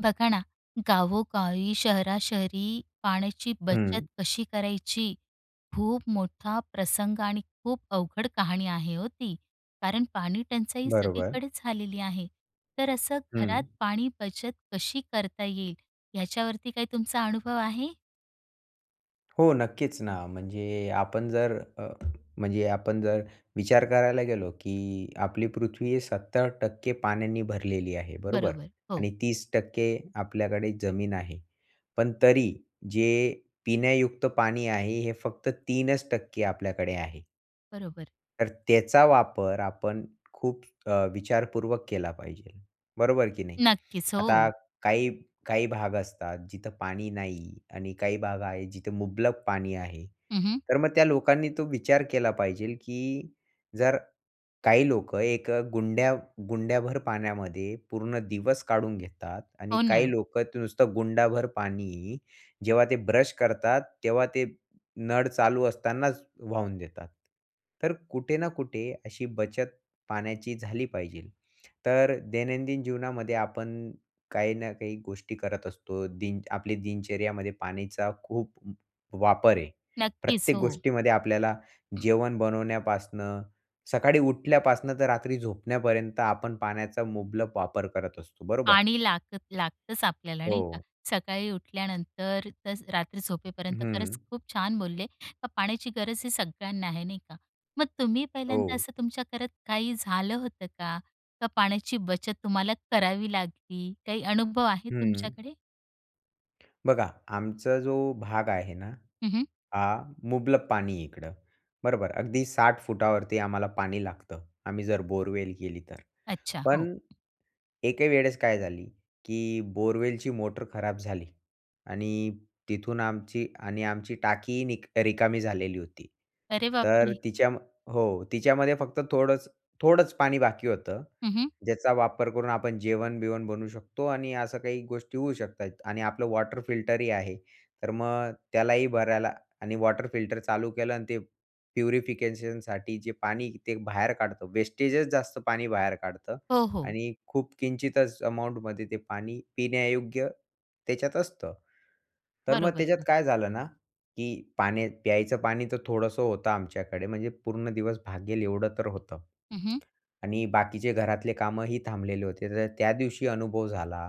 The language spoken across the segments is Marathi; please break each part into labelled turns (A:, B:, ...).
A: बघा ना, गावो-गावी शहरा-शहरी पाण्याची बचत
B: हं.
A: कशी करायची? खूप मोठा प्रसंग आणि खूप अवघड कहाणी आहे हो ती, कारण पाणी टंचाई
B: बरोबर.
A: सगळीकडेच झालेली आहे. तर असं घरात
B: हं.
A: पाणी बचत कशी करता येईल ह्याच्यावरती काही तुमचा अनुभव आहे?
B: हो नक्कीच ना, म्हणजे आपण जर अ, म्हणजे आपण जर विचार करायला गेलो की आपली पृथ्वी 70% पाण्याने भरलेली आहे बरोबर?
A: बरोबर, हो.
B: आणि 30% आपल्याकडे जमीन आहे. पण तरी जे पिण्यायुक्त पाणी आहे, हे फक्त 3% आपल्याकडे आहे.
A: बरोबर.
B: तर त्याचा वापर आपण खूप अ, विचारपूर्वक केला पाहिजे, बरोबर की नाही?
A: नक्कीच,
B: आता
A: हो.
B: काही, काही भाग असतात जिथं पाणी नाही आणि काही भाग आहे जिथं मुबलक पाणी आहे.
A: हं, हं.
B: तर मग त्या लोकांनी तो विचार केला पाहिजेल की जर काही लोकं एक गुंड्या गुंड्याभर पाण्यामध्ये पूर्ण दिवस काढून घेतात आणि
A: हो, ना.
B: काही लोकं ते नुसतं गुंडाभर पाणी जेव्हा ते ब्रश करतात तेव्हा ते नळ चालू असतानाच वाहून देतात. तर कुठे ना कुठे अशी बचत पाण्याची झाली पाहिजे. तर दैनंदिन जीवनामध्ये आपण काही ना काही गोष्टी करत असतो. दिन आपल्या दिनचर्येमध्ये पाण्याचा खूप वापर आहे.
A: नक्कीच,
B: प्रत्येक
A: हो.
B: गोष्टीमध्ये आपल्याला जेवण बनवण्यापासनं, सकाळी उठल्यापासनं तर रात्री झोपण्यापर्यंत आपण पाण्याचा मुबलक वापर करत असतो, बरोबर?
A: पाणी लागत लागतंच आपल्याला नाही का,
B: हो.
A: सकाळी उठल्यानंतर ते रात्री झोपेपर्यंत. खरंच
B: हं.
A: खूप छान बोलले, का पाण्याची गरज ही सगळ्यांना आहे, नाही का. मग तुम्ही पहिल्यांदा
B: हो.
A: असं तुमच्या घरात काही झालं होतं का? का पाण्याची बचत तुम्हाला करावी लागली, काही अनुभव आहे
B: हं.
A: तुमच्याकडे?
B: बघा, आमचा जो भाग आहे ना,
A: हं, हं.
B: हा मुबलक पाणी इकडं बरोबर, अगदी 60 फुटावरती आम्हाला पाणी लागतं, आम्ही जर बोअरवेल केली तर.
A: अच्छा, हो.
B: पण एके वेळेस काय झाली की बोअरवेलची मोटर खराब झाली आणि तिथून आमची आणि आमची टाकी निक रिकामी झालेली होती.
A: अरे
B: तर
A: बापरे!
B: तिच्या हो, तिच्यामध्ये फक्त थोडंच-थोडंच पाणी बाकी होतं.
A: हं, हं.
B: ज्याचा वापर करून आपण जेवण-बिवण बनवू शकतो आणि असं काही गोष्टी होऊ शकतात. आणि आपलं वॉटर फिल्टरही आहे, तर मग त्यालाही भरायला आणि वॉटर फिल्टर चालू केलं आणि ते प्युरिफिकेशनसाठी जे पाणी ते बाहेर काढतं, वेस्टेजच जास्त पाणी बाहेर काढतं
A: हो, हो.
B: आणि खूप किंचितच अमाऊंटमध्ये ते पाणी पिण्यायोग्य त्याच्यात असतं. तर मग त्याच्यात
A: बरोबर.
B: काय झालं ना, की पाणी प्यायचं पाणी तर थोडंसं होतं आमच्याकडे म्हणजे पूर्ण दिवस भागेल एवढं तर होतं.
A: हं, हं.
B: आणि बाकीचे घरातले कामंही थांबलेले होते, तर त्या दिवशी अनुभव झाला,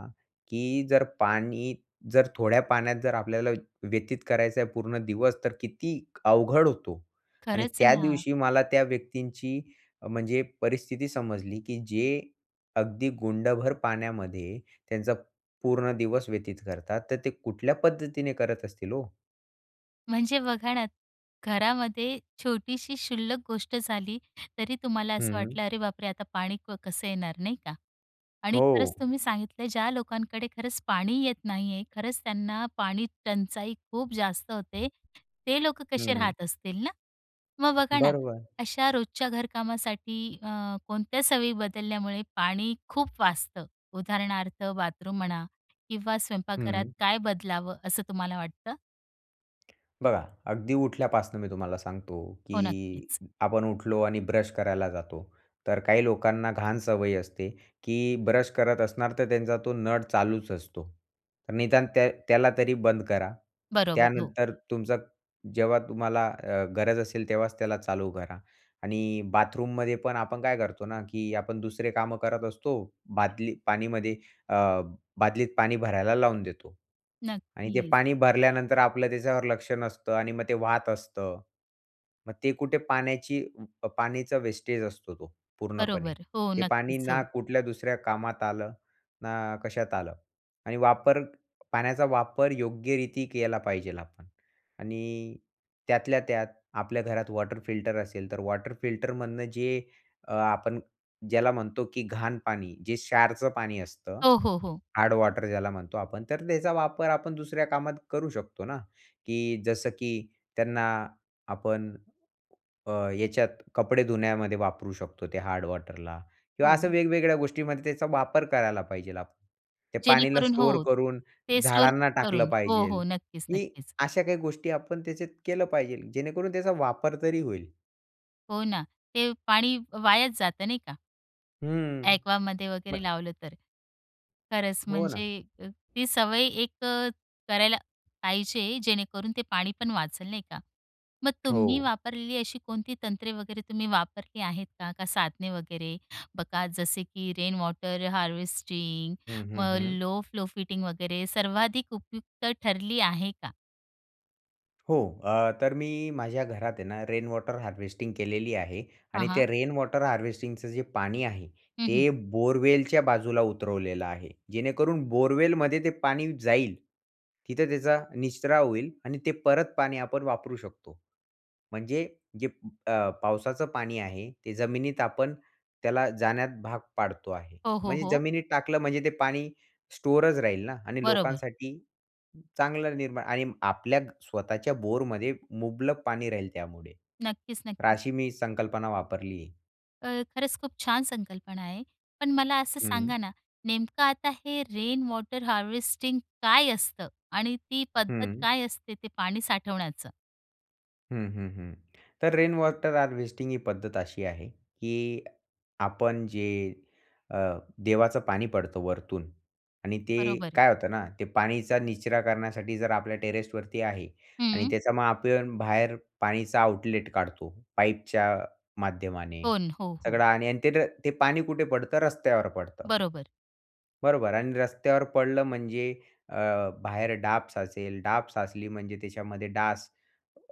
B: की जर पाणी जर थोड्या पाण्यात, जर आपल्याला व्य व्यतीत करायचं आहे पूर्ण दिवस तर किती अवघड होतो. आणि
A: खरंच
B: त्या
A: ना.
B: दिवशी मला त्या व्यक्तींची म्हणजे परिस्थिती समजली, की जे अगदी गुंडभर पाण्यामध्ये त्यांचा पूर्ण दिवस व्यतीत करतात. तर ते कुठल्या पद्धतीने करत असतील हो?
A: म्हणजे बघा ना, घरामध्ये छोटीशी शुल्लक गोष्ट झाली, तरी तुम्हाला असं
B: हं.
A: वाटलं, अरे बापरे! आता पाणी क कसं येणार नाही का. आणि खरंच
B: हो.
A: तुम्ही सांगितलं, ज्या लोकांकडे खरंच पाणी येत नाही आहे खरंच त्यांना पाणी टंचाई खूप जास्त होते, ते लोक कसे
B: हं.
A: राहत असतील ना? मग बघा ना,
B: बरोबर.
A: अशा रोजच्या घरकामासाठी अ, कोणत्या सवयी बदलल्यामुळे पाणी खूप वाचतं? उदाहरणार्थ बाथरूम म्हणा किंवा स्वयंपाकघरात
B: हं.
A: काय बदलावं असं तुम्हाला वाटतं?
B: बघा, अगदी उठल्यापासनं मी तुम्हाला सांगतो,
A: हो,
B: की
A: नक्कीच.
B: आपण उठलो आणि ब्रश करायला जातो, तर काही लोकांना घाण सवय असते, की ब्रश करत असणार, तर त्यांचा तो नळ चालूच असतो. निदान त्या त्याला तरी बंद करा.
A: बरोबर, हो.
B: त्यानंतर तुमचं जेव्हा तुम्हाला अ, गरज असेल, तेव्हाच त्याला चालू करा. आणि बाथरूममध्ये पण आपण काय करतो ना, की आपण दुसरे कामं करत असतो, बादली पाणीमध्ये अ, बादलीत पाणी भरायला लावून देतो. आणि ते
A: नक्कीच.
B: पाणी भरल्यानंतर आपलं त्याच्यावर लक्ष नसतं आणि मग ते वाहत असतं. मग ते कुठे पाण्याची पाण्याचा वेस्टेज असतो, तो पूर्णपणे.
A: बरोबर, हो,
B: ते पाणी
A: नक्कीच,
B: ना
A: हो.
B: कुठल्या दुसऱ्या कामात आलं, ना कशात आलं. आणि वापर पाण्याचा वापर योग्यरीती केला पाहिजेल आपण. आणि त्यातल्या त्यात आपल्या घरात वॉटर फिल्टर असेल, तर वॉटर फिल्टरमधनं जे अ, आपण ज्याला म्हणतो, की घाण पाणी जे क्षारचं पाणी असतं,
A: हो, हो, हो.
B: हार्ड वॉटर ज्याला म्हणतो आपण, तर त्याचा वापर आपण दुसऱ्या कामात करू शकतो ना, की जसं की त्यांना आपण अ, याच्यात कपडे धुण्यामध्ये वापरू शकतो ते हार्ड वॉटरला किंवा असं
A: हो.
B: वेगवेगळ्या गोष्टीमध्ये त्याचा वापर करायला पाहिजे. ते पाणीला
A: जेणेकरून
B: स्टोअर
A: हो,
B: करून
A: ते स्टोअर
B: झाडांना टाकलं
A: करून, हो,
B: पाहिजे.
A: हो, नक्कीच,
B: ही
A: नक्कीच.
B: अशा काही गोष्टी आपण त्याच्यात केलं पाहिजे, जेणेकरून त्याचा वापर तरी होईल.
A: हो ना, ते पाणी वायाच जातं नाही का?
B: हम्म,
A: ॲक्वामध्ये वगैरे
B: म
A: लावलं तर. खरंच
B: हो ना.
A: म्हणजे ती सवय 1 करायला पाहिजे जेणेकरून ते पाणी पण वाचेलं नाही का. मग तुम्ही
B: हो.
A: वापरलेली अशी कोणती तंत्रे वगैरे, तुम्ही वापरली आहेत का? का साधने वगैरे? बघा जसे की रेन वॉटर हार्वेस्टिंग,
B: हं, हं,
A: मग
B: हं.
A: लो फ्लो फिटिंग वगैरे सर्वाधिक उपयुक्त ठरली आहे का?
B: हो. अ, तर मी माझ्या घरात आहे ना, रेन वॉटर हार्वेस्टिंग केलेली आहे,
A: हां
B: आणि त्या
A: हां.
B: रेन वॉटर हार्वेस्टिंगचं जे पाणी आहे,
A: हं, हं.
B: ते बोअरवेलच्या बाजूला उतरवलेलं आहे, जेणेकरून बोरवेलमध्ये ते पाणी जाईल. तिथं त्याचा निचरा होईल आणि ते परत पाणी आपण वापरू शकतो. म्हणजे जे अ, पावसाचं पाणी आहे, ते जमिनीत आपण त्याला जाण्यात भाग पाडतो आहे,
A: हो, हो,
B: म्हणजे
A: हो.
B: जमिनीत टाकलं म्हणजे ते पाणी स्टोअरच राहील ना, आणि
A: बरोबर.
B: लोकांसाठी चांगलं निर्माण आणि आपल्या स्वतःच्या बोरमध्ये मुबलक पाणी राहील त्यामुळे,
A: नक्कीच,
B: तर
A: नक्कीच.
B: अशी मी संकल्पना वापरलीये.
A: अ, खरंच खूप छान संकल्पना आहे. पण मला असं
B: हं.
A: सांगा ना, नेमकं आता हे रेन वॉटर हार्वेस्टिंग काय असतं? आणि ती पद्धत
B: हं.
A: काय असते ते पाणी साठवण्याचं?
B: हं, हं, हं, तर रेन वॉटर हार्वेस्टिंग ही पद्धत अशी आहे, की आपण जे अ, देवाचं पाणी पडतं वरतून आणि ते
A: बरोबर आहे.
B: काय होतं ना, ते पाणीचा निचरा करण्यासाठी जर आपल्या टेरेसवरती आहे आणि
A: हम्म.
B: त्याच्यामध्ये आपण बाहेर पाणीचा आउटलेट काढतो पाईपच्या माध्यमाने
A: हो, न, हो, हो.
B: सगळं, आणि आणि ते ते पाणी कुठे पडतं, रस्त्यावर पडतं.
A: बरोबर.
B: बरोबर? आणि रस्त्यावर पडलं म्हणजे अ, बाहेर डाब साचेल, डाब साचली म्हणजे त्याच्यामध्ये डास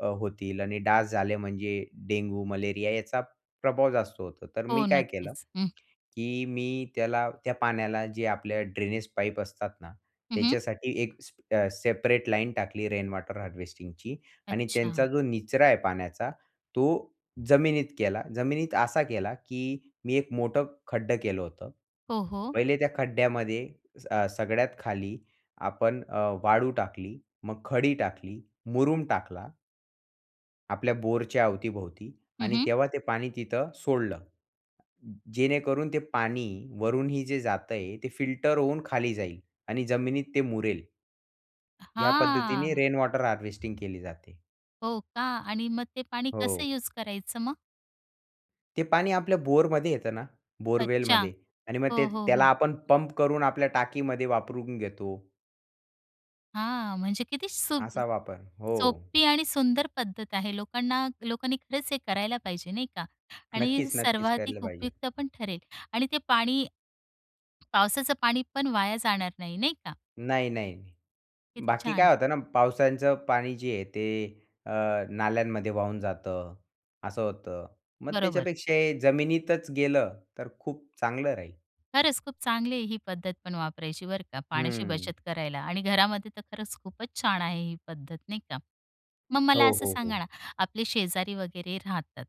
B: अ, होतील आणि डास झाले म्हणजे डेंगू, मलेरिया याचा प्रभाव जास्त होतो, तर मी
A: हो,
B: काय केलं,
A: नक्कीच. हं.
B: की मी त्याला त्या पाण्याला जे आपल्या ड्रेनेज पाईप असतात ना,
A: हं, हं.
B: त्याच्यासाठी एक स्प सेपरेट लाईन टाकली रेन वॉटर हार्वेस्टिंगची आणि त्यांचा
A: अच्छा.
B: जो निचरा आहे पाण्याचा, तो जमिनीत केला, जमिनीत असा केला, की मी एक मोठं खड्डं केलं होतं,
A: हो, हो.
B: पहिले त्या खड्ड्यामध्ये अ, सगळ्यात खाली आपण अ, वाळू टाकली, मग खडी टाकली, मुरूम टाकला. आपल्या बोरच्या अवतीभोवती
A: हं,
B: आणि
A: हं.
B: तेव्हा ते पाणी तिथं सोडलं. जेणेकरून ते पाणी वरूनही जे जातंय ते फिल्टर होऊन खाली जाईल आणि जमिनीत ते मुरेल. या पद्धतीने
A: हां.
B: रेन वॉटर हार्वेस्टिंग केली जाते.
A: हो, का आणि मग ते पाणी कसं
B: हो.
A: युज करायचं मग?
B: ते पाणी आपल्या बोरमध्ये येतं ना,
A: अच्छा,
B: बोरवेलमध्ये आणि मग ते
A: हो, हो,
B: त्याला
A: हो.
B: आपण पंप करून आपल्या टाकीमध्ये वापरून घेतो.
A: हां, म्हणजे किती सुद्
B: असा वापर, हो.
A: सोपी आणि सुंदर पद्धत आहे, लोकांना लोकांनी खरंच हे करायला पाहिजे नाही का आणि
B: नक्कीच, नक्कीच, केलं
A: सर्वाधिक
B: पाहिजे.
A: उपयुक्तपण ठरेल आणि ते पाणी पावसाचं पाणीपण वाया जाणार नाही, नाही का?
B: नाही, नाही,
A: किती
B: बाकी
A: छान.
B: काय होतं ना, पावसाचं पाणी जे आहे, ते अ, नाल्यांमध्ये वाहून जातं, असं होतं, मग
A: बरोबर.
B: त्याच्यापेक्षा हे जमिनीतच गेलं, तर खूप चांगलं राहील.
A: खरंच खूप चांगली आहे ही पद्धत, पण वापरायची बरं का पाण्याची
B: हं.
A: बचत करायला आणि घरामध्ये तर खरंच खूपच छान आहे ही पद्धत नाही का. मग मला
B: हो,
A: असं
B: हो,
A: सांगा
B: हो.
A: ना, आपले शेजारी वगैरे राहतात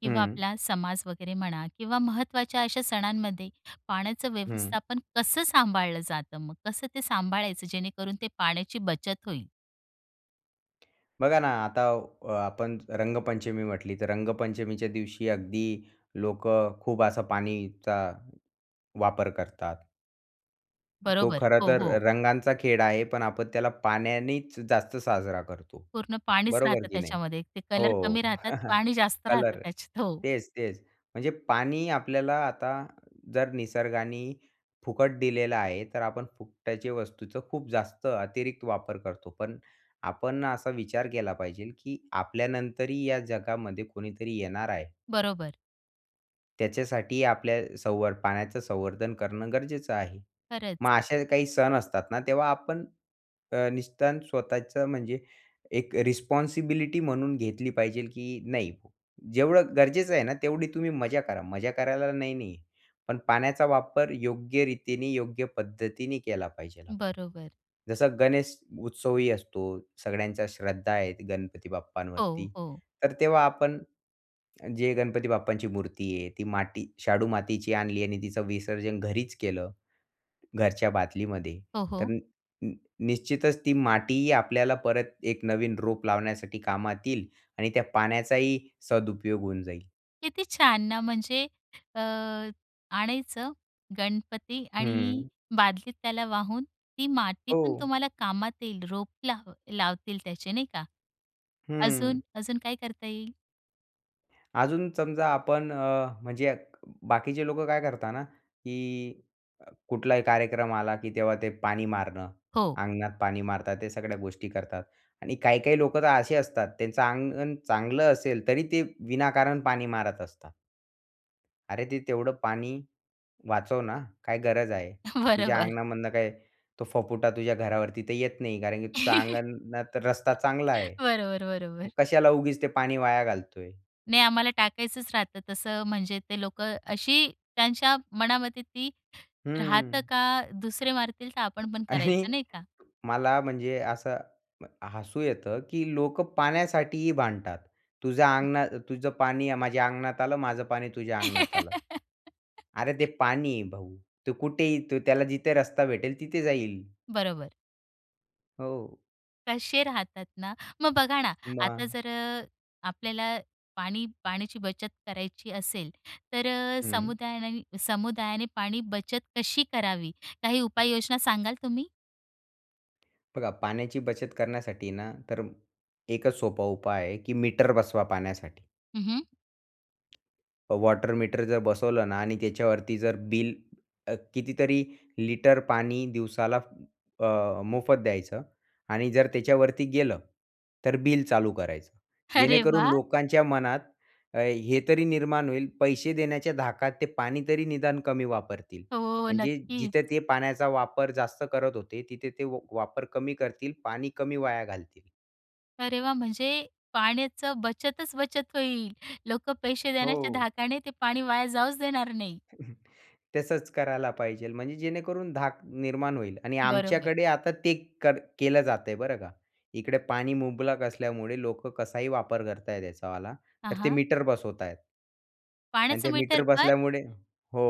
A: किंवा अ,
B: हं.
A: आपला समाज वगैरे म्हणा किंवा महत्त्वाच्या अशा सणांमध्ये पाण्याचं
B: हं.
A: व्यवस्थापन कसं सांभाळलं जातं मग? कसं ते सांभाळायचं, जेणेकरून ते पाण्याची बचत होईल?
B: बघा ना आता अ, आपण रंगपंचमी म्हटली तर, रंगपंचमीच्या दिवशी अगदी लोकं खूप असा पाणीचा वापर करतात. तो
A: बरोबर.
B: खरं
A: हो,
B: तर
A: हो.
B: रंगांचा खेळ आहे, पण आपण त्याला पाण्यानीच जास्त साजरा करतो.
A: पूर्ण पाणीच
B: बरोबर
A: राहतं
B: की नाही?
A: त्याच्यामध्ये. ते कलर
B: हो.
A: कमी राहतात. पाणी जास्त राहतं
B: कलर.
A: त्याच्यात. हो.
B: तेच, तेच. म्हणजे पाणी आपल्याला आता जर निसर्गानी फुकट दिलेला आहे तर आपण फुकट्याचे वस्तूचं खूप जास्त अतिरिक्त वापर करतो. पण आपण असा विचार केला पाहिजेल, की आपल्यानंतरही या जगामध्ये कोणीतरी येणार आहे.
A: बरोबर.
B: त्याच्यासाठी आपल्याला संव पाण्याचं संवर्धन करणं गरजेचं आहे.
A: खरंच.
B: मग असे काही सण असतात ना, तेव्हा आपण अ, निदान स्वतःचं म्हणजे एक रिस्पॉन्सिबिलिटी म्हणून घेतली पाहिजेल, की नाही जेवढं गरजेचं आहे ना, तेवढी तुम्ही मजा करा. मजा करायला नाही नाहीये. पण पाण्याचा वापर योग्य रीतीने, योग्य पद्धतीने केला पाहिजेल.
A: बरोबर.
B: जसं गणेश उत्सवही असतो. सगळ्यांच्या श्रद्धा आहेत, गणपती
A: हो,
B: बाप्पांवरती.
A: हो.
B: तर तेव्हा आपण जे गणपती बाप्पांची मूर्ती आहे ती माटी शाडू मातीची आणली आणि तिचं विसर्जन घरीच केलं, घरच्या बादलीमध्ये
A: हो,
B: तर
A: हो.
B: नी नी निश्चितच ती माटीही आपल्याला परत एक नवीन रोप लावण्यासाठी कामात येईल आणि त्या पाण्याचाही सदुपयोग होऊन जाईल.
A: किती छान ना. म्हणजे अ, आणायचं गणपती आणि
B: हं.
A: बादलीत त्याला वाहून ती मातीपण
B: हो.
A: तुम्हाला कामात येईल. रोप लाव लावतील त्याचे नाही का? अजून
B: हं.
A: अजून काय करता येईल?
B: अजून समजा आपण अ, म्हणजे बाकीचे लोकं काय करतात ना की कुठलाही कार्यक्रम आला की तेव्हा ते पाणी मारणं.
A: हो.
B: अंगणात पाणी मारतात. ते सगळ्या गोष्टी करतात आणि काही-काही लोकं तर असे असतात त्यांचं अंगण चांगलं असेल, तरी ते विनाकारण पाणी मारत असतात. अरे ते तेवढं पाणी वाचव ना, काय गरज आहे तुझ्या
A: बरोबर.
B: अंगणामधनं काय तो फफुटा तुझ्या घरावर तिथे येत नाही. कारण की तुझा अंगणात रस्ता चांगला आहे.
A: बरोबर, बरोबर.
B: कशाला उगीच ते पाणी वाया घालतोय.
A: नाही आम्हाला टाकायचंच राहतं, तसं म्हणजे ते लोकं अशी त्यांच्या मनामध्ये ती राहतं
B: हं.
A: का, दुसरे मारतील तर आपण पण
B: आणि
A: करायचं नाही का?
B: मला म्हणजे असं हसू येतं, की लोकं पाण्यासाठीही भांडतात. तुझ्या अंगणात तुझं पाणी, माझ्या अंगणात आलं माझं पाणी तुझ्या अंगणात आलं. अरे ते पाणी आहे भाऊ. तो कुठेही त्याला जिथे रस्ता भेटेल तिथे जाईल.
A: बरोबर.
B: हो.
A: कसे राहतात ना, मग बघा ना, आता
B: मग.
A: जर अ, आपल्याला पाणी पाण्याची बचत करायची असेल, तर अ,
B: हं.
A: समुदायाने समुदायाने पाणी बचत कशी करावी? काही उपाययोजना सांगाल तुम्ही?
B: बघा, पाण्याची बचत करण्यासाठी ना, तर एकच सोपा उपाय आहे, की मीटर बसवा पाण्यासाठी.
A: हं, हं.
B: अ, वॉटर मीटर जर बसवलं ना आणि त्याच्यावरती जर बिल अ, कितीतरी लिटर पाणी दिवसाला अ, मोफत द्यायचं आणि जर त्याच्यावरती गेलं, तर बिल चालू करायचं.
A: अरे
B: जेणेकरून
A: वाह!
B: लोकांच्या मनात अ, हे तरी निर्माण होईल, पैसे देण्याच्या धाकात ते पाणी तरी निदान कमी वापरतील.
A: हो,
B: म्हणजे
A: नक्कीच.
B: जिथं ते पाण्याचा वापर जास्त करत होते, तिथे ते व वापर कमी करतील, पाणी कमी वाया घालतील.
A: अरे वाह! म्हणजे पाण्याचं बचतच-बचत होईल, लोकं पैसे देण्याच्या
B: हो.
A: धाकाने ते पाणी वाया जाऊच देणार नाही.
B: तसंच करायला पाहिजे. म्हणजे जेणेकरून धाक निर्माण होईल आणि
A: बरोबर.
B: आमच्याकडे आता ते कर केलं जातंय, बरं का. इकडे पाणी मुबलक असल्यामुळे लोकं कसाही वापर करतायेत याच्यावाला
A: हां,
B: तर ते
A: हां.
B: मीटर बसवतायेत. आणि
A: पाण्याचं
B: ते मीटर
A: मीटरपण?
B: बसल्यामुळे हो.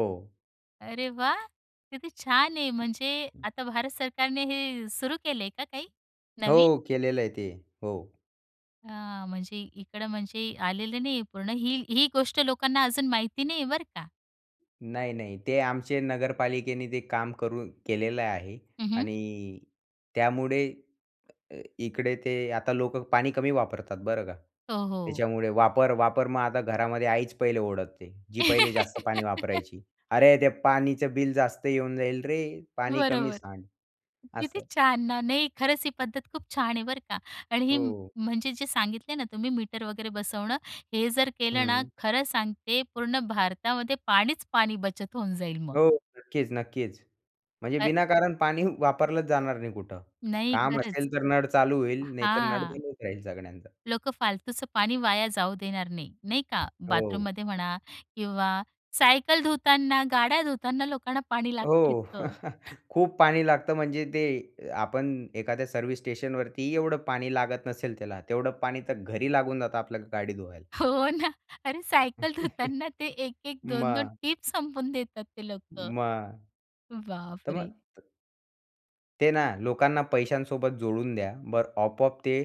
A: अरे वाह! किती छान आहे, म्हणजे आता भारत सरकारने हे सुरू केलंय का काही नवीन?
B: हो, केलेलं आहे ते. हो.
A: हां, म्हणजे इकडं म्हणजे आलेलं नाहीये पूर्ण. ही, ही गोष्ट लोकांना अजून माहिती नाही आहे, बरं का?
B: नाही, नाही. ते आमचे नगरपालिकेने ते काम करून केलेलं आहे
A: हं, हं.
B: आणि त्यामुळे अ, इकडे ते आता लोकं पाणी कमी वापरतात बरं का.
A: हो, हो.
B: त्याच्यामुळे वापर, वापर मग आता घरामध्ये आईच पहिले ओरडते, जी पहिले जास्त पाणी वापरायची. "अरे! ते पाणीचं बिल जास्त येऊन जाईल रे. पाणी कमी
A: बरोबर.
B: सांड."
A: किती
B: असं.
A: छान ना! नाही, खरंच ही पद्धत खूप छान आहे बरं का आणि ही म
B: हो.
A: म्हणजे जे सांगितले ना तुम्ही, मीटर वगैरे बसवणं, हे जर केलं ना
B: हं.
A: खरं सांगते, पूर्ण भारतामध्ये पाणीच पाणी बचत होऊन जाईल मग.
B: हो, नक्कीच, नक्कीच. म्हणजे
A: अ.
B: विनाकारण पाणी वापरलंच जाणार नाही कुठं.
A: नाही
B: काम
A: खरंच.
B: असेल तर नळ चालू होईल, नाहीतर नळ
A: हां.
B: बंदच राहील सगळ्यांचा.
A: लोकं फालतूचं पाणी वाया जाऊ देणार नाही, नाही का.
B: हो.
A: बाथरूममध्ये म्हणा किंवा सायकल धुताना, गाड्या धुताना लोकांना पाणी लागत
B: हो,
A: इतकं.
B: खूप पाणी लागतं म्हणजे ते अ, आपण एखाद्या सर्व्हिस स्टेशनवरतीही एवढं पाणी लागत नसेल त्याला, तेवढं पाणी तर घरी लागून जातं आपल्या गाडी धुवायला.
A: हो ना, अरे सायकल धुताना ते एक-एक दोन-दोन
B: मग.
A: टीप संपवून देतात ते लोकं.
B: मग.
A: बापरे!
B: ते ना, लोकांना पैशांसोबत जोडून द्या, बरं आपोआप ते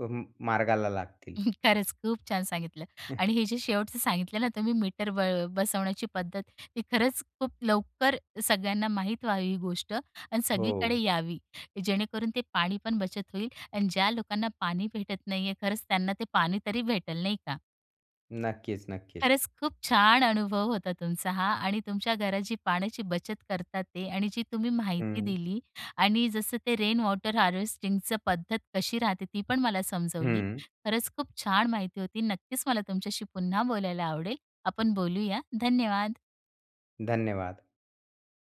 B: म मार्गाला लागतील.
A: खरंच, खूप छान सांगितलं आणि हे जे शेवटचं सांगितलं ना तुम्ही मीटर ब बसवण्याची पद्धत, ती खरंच खूप लवकर सगळ्यांना माहीत व्हावी ही गोष्ट आणि सगळीकडे
B: हो.
A: यावी. की जेणेकरून ते पाणी पण बचत होईल आणि ज्या लोकांना पाणी भेटत नाही आहे खरंच त्यांना ते पाणी तरी भेटेल, नाही का.
B: नक्कीच, नक्कीच.
A: खरंच खूप छान अनुभव होता तुमचा हां. आणि तुमच्या घरात जी पाण्याची बचत करतात आहेत आणि जी तुम्ही माहिती
B: हं.
A: दिली. आणि जसं ते रेन वॉटर हार्वेस्टिंगचं पद्धत कशी राहते ती पण मला समजवली,
B: हं.
A: खरंच खूप छान माहिती होती. नक्कीच मला तुमच्याशी पुन्हा बोलायला आवडेल, आपण बोलूया, धन्यवाद.
B: धन्यवाद.